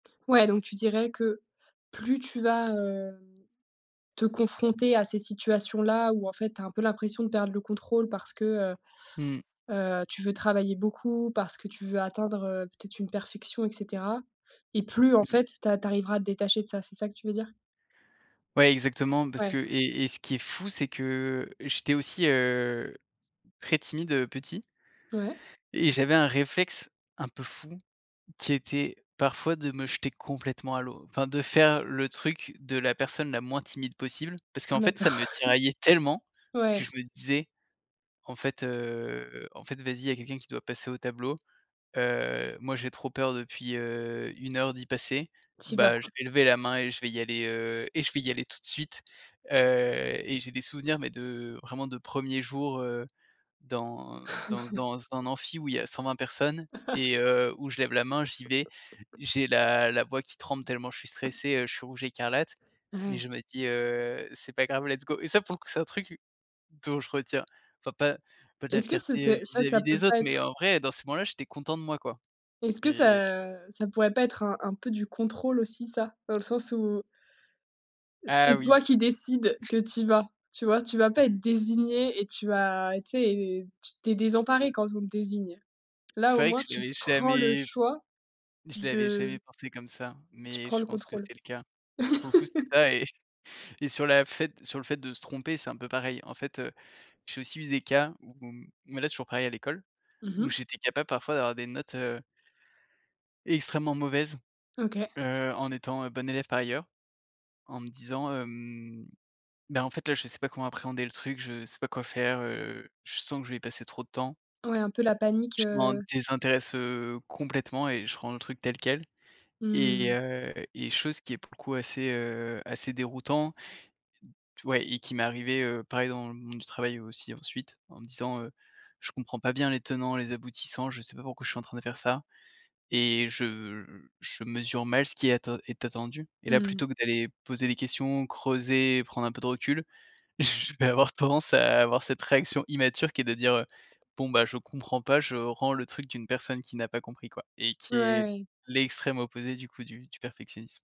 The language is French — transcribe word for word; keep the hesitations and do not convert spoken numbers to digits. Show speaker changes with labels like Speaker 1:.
Speaker 1: Ouais, donc tu dirais que plus tu vas, heu, te confronter à ces situations-là, où en fait tu as un peu l'impression de perdre le contrôle parce que heu,
Speaker 2: Mmh.
Speaker 1: heu, tu veux travailler beaucoup, parce que tu veux atteindre, heu, peut-être une perfection et cetera et plus en
Speaker 2: Mmh.
Speaker 1: fait tu a tu arriveras à te détacher de ça. C'est ça que tu veux dire?
Speaker 2: Ouais exactement parce que
Speaker 1: Ouais.
Speaker 2: et et ce qui est fou, c'est que j'étais aussi, heu, très timide, heu, petit
Speaker 1: Ouais.
Speaker 2: et j'avais un réflexe un peu fou qui était parfois de me jeter complètement à l'eau, enfin de faire le truc de la personne la moins timide possible. Parce qu'en fait
Speaker 1: D'accord,
Speaker 2: ça me tiraillait tellement, que
Speaker 1: ouais.
Speaker 2: je me disais: «En fait, heu, en fait vas-y, il y a quelqu'un qui doit passer au tableau, heu, moi j'ai trop peur depuis, heu, une heure d'y passer,
Speaker 1: Tu y vas
Speaker 2: ben je
Speaker 1: quoi.
Speaker 2: vais lever la main et je vais y aller, heu et je vais y aller tout de suite». Heu et j'ai des souvenirs mais de vraiment de premiers jours heu, dans dans dans un amphi où il y a cent vingt personnes et heu, où je lève la main. J'y vais, j'ai la la voix qui tremble tellement je suis stressé, heu, je suis rouge écarlate mais
Speaker 1: Ouais.
Speaker 2: je me dis: «Heu, c'est pas grave, let's go» et ça pour que c'est un truc dont je retiens enfin pas pas de la
Speaker 1: Est-ce que ça
Speaker 2: fierté, heu,
Speaker 1: c'est ça ça
Speaker 2: vis-à-vis
Speaker 1: peut
Speaker 2: des
Speaker 1: pas
Speaker 2: autres, mais
Speaker 1: être
Speaker 2: en vrai dans ces moments-là j'étais content de moi, quoi
Speaker 1: est-ce que
Speaker 2: et
Speaker 1: ça, ça pourrait pas être un un peu du contrôle aussi ça? Dans le sens où
Speaker 2: Ah
Speaker 1: c'est
Speaker 2: oui.
Speaker 1: toi qui décides que tu y vas. Tu vois? Tu vas pas être désigné et tu vas tu sais, tu es désemparé quand on te désigne. Là
Speaker 2: C'est
Speaker 1: au
Speaker 2: vrai que
Speaker 1: moins
Speaker 2: j'y
Speaker 1: tu
Speaker 2: avais
Speaker 1: prends le
Speaker 2: jamais
Speaker 1: choix
Speaker 2: je l'avais jamais
Speaker 1: de
Speaker 2: pensé comme ça,
Speaker 1: tu
Speaker 2: mais
Speaker 1: prends
Speaker 2: je
Speaker 1: le
Speaker 2: pense que
Speaker 1: contrôle.
Speaker 2: c'était le cas. Pour le coup c'était ça et j et sur la fait sur le fait de se tromper, c'est un peu pareil. En fait, heu, j'ai aussi eu des cas où où mmh mais là c'est toujours pareil à l'école,
Speaker 1: Mmh
Speaker 2: où
Speaker 1: mh.
Speaker 2: j'étais capable parfois d'avoir des notes, heu extrêmement mauvaises,
Speaker 1: OK.
Speaker 2: heu, en étant, heu, bon élève par ailleurs, en me disant, hem: «Beh, en fait là je sais pas comment appréhender le truc, je sais pas quoi faire, heu, je sens que je vais y passer trop de temps»
Speaker 1: Ouais un peu la panique,
Speaker 2: «je m'en
Speaker 1: heu
Speaker 2: désintéresse, heu, complètement et je rends le truc tel quel» et
Speaker 1: Mmh.
Speaker 2: heu, et chose qui est pour le coup assez, heu, assez déroutant t ouais et qui m'est arrivée heu, pareil dans le monde du travail aussi ensuite en me disant: «Heu, je comprends pas bien les tenants, les aboutissants, je sais pas pourquoi je suis en train de faire ça et je je mesure mal ce qui est atten est attendu» et là
Speaker 1: Mmh mh.
Speaker 2: plutôt que d'aller poser des questions, creuser, prendre un peu de recul, je vais avoir tendance à avoir cette réaction immature qui est de dire, heu: «Bon beh, je comprends pas, je rends le truc d'une personne qui n'a pas compris, quoi et qui est
Speaker 1: Ouais.
Speaker 2: l'extrême opposé du coup du du perfectionnisme».